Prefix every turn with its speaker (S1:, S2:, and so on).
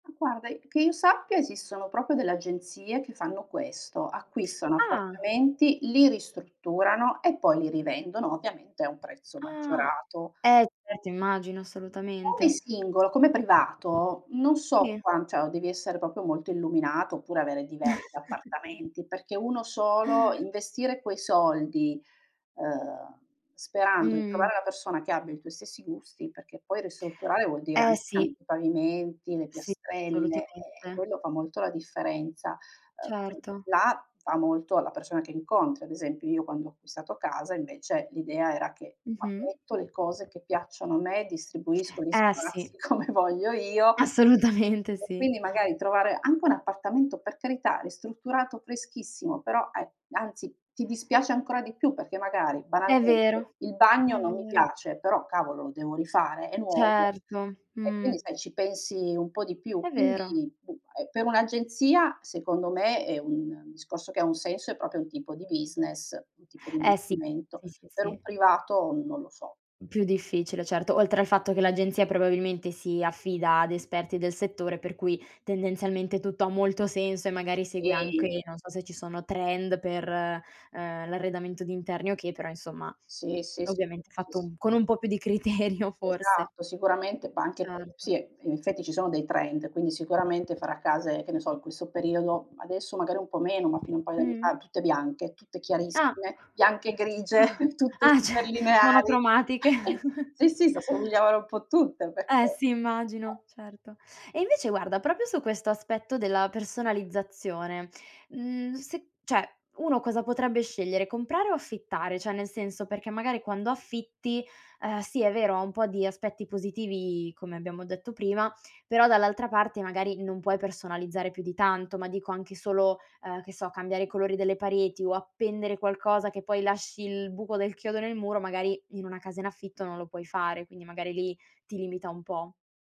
S1: Ma guarda, i che io sappia esistono proprio delle agenzie che fanno questo, acquistano
S2: Ah.
S1: appartamenti, li ristrutturano e poi li rivendono, ovviamente a un prezzo
S2: Ah,
S1: maggiorato.
S2: eh certo immagino,
S1: Come
S2: assolutamente.
S1: singolo, come privato, non so,
S2: Sì.
S1: qua cioè o devi essere proprio molto illuminato oppure avere diversi appartamenti perché 1 solo, investire quei soldi, uhm, sperando di
S2: Mh.
S1: trovare la persona che abbia i tuoi stessi gusti, perché poi ristrutturare vuol dire
S2: Eh
S1: anche cam
S2: sì.
S1: i pavimenti, le
S2: Sì,
S1: piastrelle, eh,
S2: assolutamente.
S1: quello fa molto la differenza. Ehm, qui
S2: Certo.
S1: là va molto alla persona che incontri, ad esempio, io quando ho acquistato casa invece l'idea era che [unintelligible]
S2: Mh-mh.
S1: metto le cose che piacciono a me, distribuisco gli
S2: Eh sì.
S1: spazi come voglio io
S2: Assolutamente
S1: e
S2: sì.
S1: quindi magari trovare anche un appartamento, per carità, ristrutturato freschissimo, però e anzi ti dispiace ancora di più perché magari
S2: È
S1: banalmente
S2: vero,
S1: il
S2: è
S1: bagno non mi
S2: vero.
S1: piace, però cavolo lo devo rifare, è nuovo
S2: Certo,
S1: e quindi
S2: mh.
S1: sai ci pensi un po' di più.
S2: È vero.
S1: Quindi b e per un'agenzia secondo me è un un discorso che ha un senso è proprio un tipo di business, un tipo di
S2: Eh sì,
S1: investimento,
S2: sì, sì,
S1: per un
S2: sì.
S1: privato non lo so.
S2: Più difficile, certo oltre al fatto che l'agenzia probabilmente si affida ad esperti del settore, per cui tendenzialmente tutto ha molto senso e magari segue anche,
S1: Sì.
S2: non so se ci sono trend per, uhm, l'arredamento di interni o che, però insomma, uhm,
S1: Sì, sì, sì,
S2: ovviamente
S1: sì, sì.
S2: fatto con un po' più di criterio forse.
S1: Esatto sicuramente, ma anche pe
S2: Certo.
S1: sì, in effetti ci sono dei trend quindi sicuramente farà case, che ne so, in questo periodo, adesso magari un po' meno ma fino a un paio di
S2: Mh.
S1: a tutte bianche tutte
S2: Ah,
S1: chiarissime, bianche e grigie,
S2: ah,
S1: tutte
S2: ah cer
S1: super lineari.
S2: monocromatiche.
S1: Sì, sì, s'assomigliavano un po' tutte perché
S2: Eh sì
S1: eh.
S2: immagino, certo. E invece guarda proprio su questo aspetto della personalizzazione, mhmm, se cioè, uno cosa potrebbe scegliere, comprare o affittare? Cioè nel senso, perché magari quando affitti, ehm, sì è vero, ha un po' di aspetti positivi come abbiamo detto prima, però dall'altra parte magari non puoi personalizzare più di tanto, ma dico anche solo, uhm, che so, cambiare i colori delle pareti o appendere qualcosa che poi lasci il buco del chiodo nel muro, magari in una casa in affitto non lo puoi fare, quindi magari lì ti limita un po'.